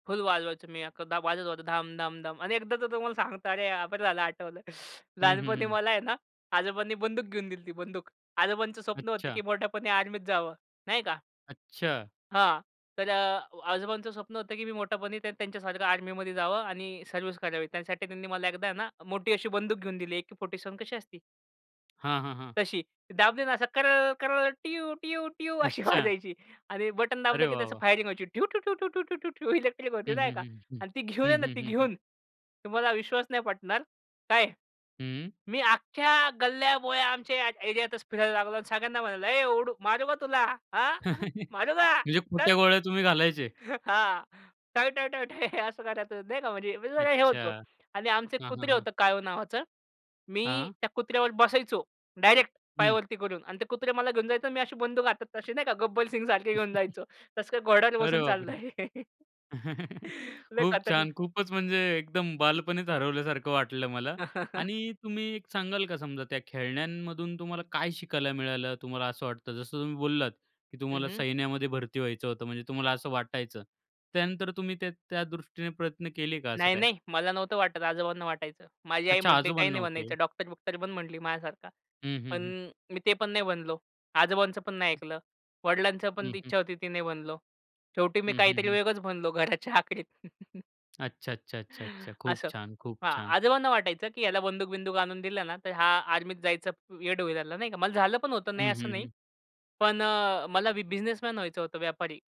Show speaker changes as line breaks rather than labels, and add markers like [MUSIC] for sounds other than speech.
फुल वाजवायचो. मी एकदा वाजवत होतो धाम, धाम, धाम आणि एकदा तर तुम्हाला सांगता, अरे बरं झालं आठवलं
हं, हं,
लहानपणी
हं.
मला आहे ना, आजोबांनी बंदूक घेऊन दिली ती बंदूक. आजोबांचं स्वप्न होतं की
अच्छा.
मोठेपणी आर्मीत जावं, नाही का.
अच्छा.
हां, तर अ, आजोबांचं स्वप्न होतं की मी मोठेपणी त्या त्यांच्यासारखं आर्मीमध्ये जावं आणि सर्व्हिस करावी. त्यासाठी त्यांनी मला एकदा ना, मोठी अशी बंदूक घेऊन दिली, अेके-फोर्टी सेव्हन कशी असती.
हां, हां, हां.
तशी. दाबली ना असं कर-कर-ट्यू-ट्यू-ट्यू अशी
अच्छा.
वाजायची आणि बटन दाबलं
अरे
की
वाह,
त्या
वाह!
फायरिंग वहायची ड्यू-ठू-टू-टू-टू-टू इलेक्ट्रिक होती
हं,
नाही
हं,
का
हं, हं.
आणि ती घेऊन आहे
हं,
ना
हं,
ती
हं, हं.
घेऊन तुम्हाला विश्वास नाही पटणार काय?
हं.
मी अख्ख्या गल्ल्या-बोळ्या आमच्या एरियात तच फिरायला लागलो आणि सगळ्यांना म्हणालो, "ए ओडू, मारू का तुला? हां,
[CHUCKLES] म्हणजे
मारू का?
खोट्या
चल".
गोळ्या तुम्ही घालायचे.
[CHUCKLES] हां, टाय-टाय-टाय [CHUCKLES] असं करायचो, देना म्हणजे मी जरा हे
अच्छा.
होतो आणि आमचं एक
हां, हां,
कुत्रे
हां.
होतं, काळू नावाचं. मी
हां.
त्या कुत्र्यावर बसायचो डायरेक्ट
हं.
पायावरती करून, आणि ते कुत्रे मला घेऊन जायचं, आणि मी अशी बंदूक हातात, तशी नाही का, गब्बल सिंगसारखे घेऊन
[CHUCKLES]
जायचो. तसं काही घोड्यावर
अरे
बसून
बाप रे!
चाललोय. [CHUCKLES]
[CHUCKLES]
लय
खूप छान,
खतरनाक.
खूपच म्हणजे एकदम बालपणीच हरवल्यासारखं वाटलं मला
[LAUGHS]
आणि तुम्ही एक सांगाल का, समजा त्या खेळण्यांमधून तुम्हाला काय शिकायला मिळालं, तुम्हाला असं वाटतं? जसं तुम्ही बोललात की
हं,
तुम्हाला
हं.
सैन्यामध्ये भरती व्हायचं होतं, म्हणजे तुम्हाला असं वाटायचं, त्यानंतर तुम्ही त्या त्या दृष्टीने प्रयत्न केले का असं काय?
नाही-नाही. मला नव्हतं वाटत, आजोबांना वाटायचं. माझी आई
अच्छा.
म्हटली, "काही नाही
आजोबांना. ओके.
बनायचं. डॉक्टर-बुक्टर बन" म्हटली माझ्यासारखा.
हं,
पण
हं, हं.
मी ते पण नाही बनलो. आजोबांचं पण नाही ऐकलं. वडिलांची पण
हं, हं.
इच्छा होती, ती नाही बनलो. शेवटी मी
हं, हं,
काहीतरी
हं.
वेगळंच बनलो घराच्या आखरीत. [CHUCKLES]
अच्छा, अच्छा, अच्छा, अच्छा. खूप
असं
छान, खूप
हां,
छान.
आजोबांना वाटायचं की ह्याला बंदूक-बिंदूक आणून दिलं ना, तर हा आर्मीत जायचं वेड होईल ना, नाही का. मला झालं पण होतं,
हं,
नाही असं
हं,
नाही.
हं.
पण अ, मला बिझनेसमन व्हायचं होतं, व्यापारी.